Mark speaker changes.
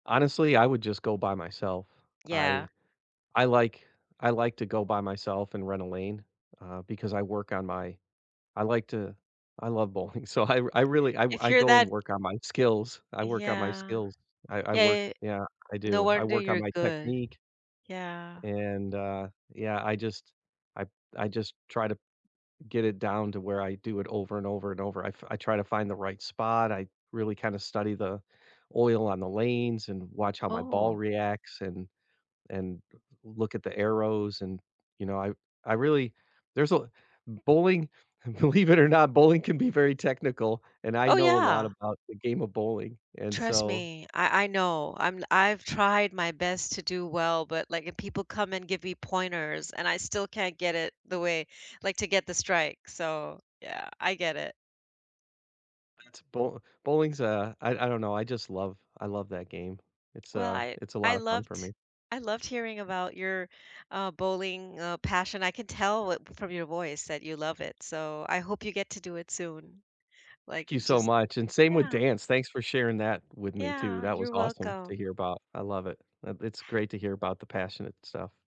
Speaker 1: Honestly, I would just go by myself,
Speaker 2: Yeah.
Speaker 1: I I like I like to go by myself, and rent a lane, uh, because I work on my I like to I love bowling, so, I r I really I w
Speaker 2: If
Speaker 1: I
Speaker 2: you're
Speaker 1: go, and
Speaker 2: that
Speaker 1: work on my skills I work on my
Speaker 2: Yeah,
Speaker 1: skills, I I work
Speaker 2: yeah y
Speaker 1: yeah, I
Speaker 2: no
Speaker 1: do, I
Speaker 2: wonder
Speaker 1: work on
Speaker 2: you're
Speaker 1: my
Speaker 2: good,
Speaker 1: technique
Speaker 2: yeah.
Speaker 1: and uh, yeah, I just I I just try to get it down to where I do it over, and over, and over, I f I try to find the right spot. I really kind of study the oil on the lanes, and watch how my ball
Speaker 2: Oh
Speaker 1: reacts and and d look at the arrows, and, you know, I I really there's a bowling believe it or not, bowling can be very technical, and I
Speaker 2: Oh
Speaker 1: know a lot
Speaker 2: yeah.
Speaker 1: about the game of bowling, and
Speaker 2: Trust
Speaker 1: so
Speaker 2: me,
Speaker 1: ah
Speaker 2: I I know, I'm I've tried my best to do well, but, like, if people come and give me pointers, and I still can't get it the way like, to get the strike, so yeah, I get it.
Speaker 1: That's bowl bowling's a I I don't know, I just love I love that game, it's
Speaker 2: Well,
Speaker 1: a
Speaker 2: I
Speaker 1: it's a
Speaker 2: I
Speaker 1: lot of fun for
Speaker 2: loved
Speaker 1: me.
Speaker 2: I loved hearing about your, uh, bowling, uh, passion. I can tell it from your voice that you love it, so I hope you get to do it soon, like,
Speaker 1: Thank you so
Speaker 2: just
Speaker 1: much, and same with
Speaker 2: yeah.
Speaker 1: dance, thanks for sharing that with me too.
Speaker 2: Yeah,
Speaker 1: That was
Speaker 2: you're
Speaker 1: awesome to
Speaker 2: welcome.
Speaker 1: hear about, I love it, I it's great to hear about the passionate stuff.